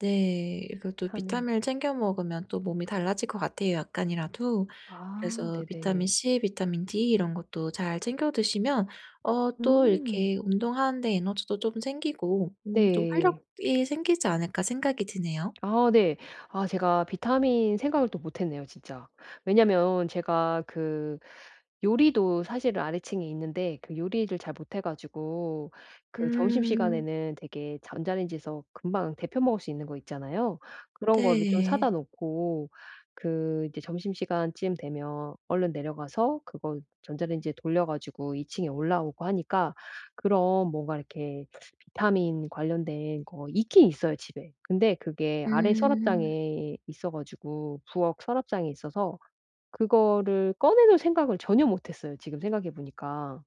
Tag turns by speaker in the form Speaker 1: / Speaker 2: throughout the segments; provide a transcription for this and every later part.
Speaker 1: 네. 이것도
Speaker 2: 비타민.
Speaker 1: 비타민을 챙겨 먹으면 또 몸이 달라질 것 같아요, 약간이라도.
Speaker 2: 아
Speaker 1: 그래서 비타민
Speaker 2: 네네.
Speaker 1: C, 비타민 D 이런 것도 잘 챙겨 드시면 어 또
Speaker 2: 음.
Speaker 1: 이렇게 운동하는데 에너지도 좀 생기고 음 좀
Speaker 2: 네.
Speaker 1: 활력이 생기지 않을까 생각이 드네요.
Speaker 2: 아 네. 아 제가 비타민 생각을 또 못했네요 진짜. 왜냐면 제가 그 요리도 사실은 아래층에 있는데 그 요리를 잘 못해 가지고 그
Speaker 1: 음.
Speaker 2: 점심시간에는 대개 전자레인지에서 금방 데워 먹을 수 있는 거 있잖아요. 그런 거를 좀 사다
Speaker 1: 네.
Speaker 2: 놓고 그 이제 점심시간쯤 되면 얼른 내려가서 그거 전자레인지에 돌려 가지고 2 층에 올라오고 하니까 그런 뭔가 이렇게 비타민 관련된 거 있긴 있어요, 집에. 근데 그게 아래
Speaker 1: 음.
Speaker 2: 서랍장에 있어 가지고 부엌 서랍장에 있어서 그거를 꺼내 놓을 생각을 전혀 못했어요. 지금 생각해보니까.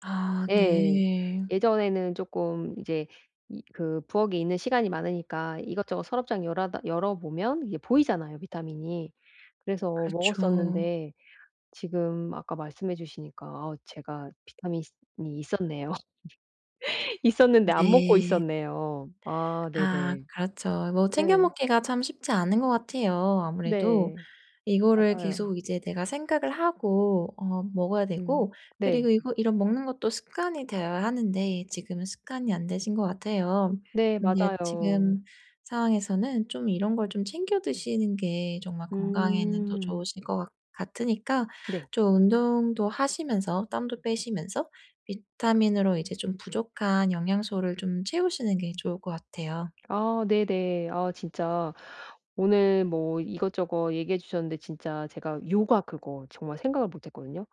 Speaker 1: 아
Speaker 2: 예.
Speaker 1: 네.
Speaker 2: 예전에는 조금 이제 이 그 부엌에 있는 시간이 많으니까 이것저것 서랍장 열아다 열어보면 이게 보이잖아요, 비타민이. 그래서
Speaker 1: 그렇죠.
Speaker 2: 먹었었는데 지금 아까 말씀해 주시니까 아 제가 비타민이 있었네요. 있었는데 안 먹고
Speaker 1: 네.
Speaker 2: 있었네요. 아
Speaker 1: 아
Speaker 2: 네네.
Speaker 1: 그렇죠. 뭐 챙겨
Speaker 2: 네.
Speaker 1: 먹기가 참 쉽지 않은 것 같아요, 아무래도.
Speaker 2: 네.
Speaker 1: 이거를
Speaker 2: 맞아요.
Speaker 1: 계속 이제 내가 생각을 하고 어 먹어야
Speaker 2: 음
Speaker 1: 되고 그리고
Speaker 2: 네.
Speaker 1: 이거 이런 먹는 것도 습관이 되어야 하는데 지금은 습관이 안 되신 것 같아요.
Speaker 2: 네.
Speaker 1: 근데
Speaker 2: 맞아요.
Speaker 1: 지금 상황에서는 좀 이런 걸 좀 챙겨 드시는 게 정말 건강에는 더
Speaker 2: 음.
Speaker 1: 좋으실 거 같 같으니까
Speaker 2: 네.
Speaker 1: 좀 운동도 하시면서 땀도 빼시면서 비타민으로 이제 좀 부족한 영양소를 좀 채우시는 게 좋을 것 같아요.
Speaker 2: 아 네네. 아 진짜 오늘 뭐 이것저것 얘기해 주셨는데 진짜 제가 요가, 그거 정말 생각을 못했거든요.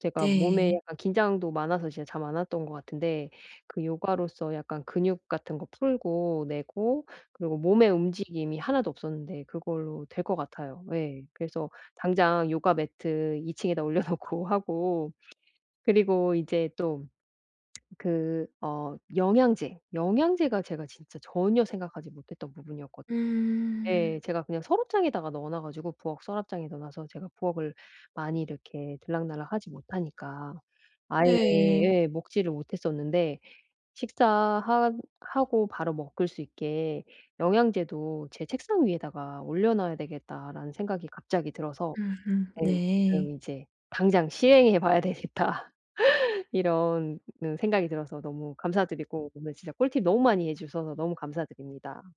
Speaker 2: 제가 몸에
Speaker 1: 네.
Speaker 2: 약간 긴장도 많아서 진짜 잠 안 왔던 거 같은데 그 요가로써 약간 근육 같은 거 풀고 내고 그리고 몸에 움직임이 하나도 없었는데 그걸로 될 것 같아요. 예. 그래서 당장 요가 매트 2 층에다 올려 놓고 하고 그리고 이제 또 그 어 영양제, 영양제가 제가 진짜 전혀 생각하지 못했던 부분이었거든 예.
Speaker 1: 음.
Speaker 2: 제가 그냥 서랍장에다가 넣어놔 가지고 부엌 서랍장에 넣어놔서 제가 부엌을 많이 이렇게 들락날락 하지 못하니까, 아예
Speaker 1: 네.
Speaker 2: 예. 먹지를 못했었는데 '식사 하 하고 바로 먹을 수 있게 영양제도 제 책상 위에다가 올려놔야 되겠다.'라는 생각이 갑자기 들어서
Speaker 1: 으흠
Speaker 2: 네. 지금
Speaker 1: 네.
Speaker 2: 이제 '당장 시행해 봐야 되겠다.' 이런 은 생각이 들어서 너무 감사드리고 오늘 진짜 꿀팁 너무 많이 해 주셔서 너무 감사드립니다.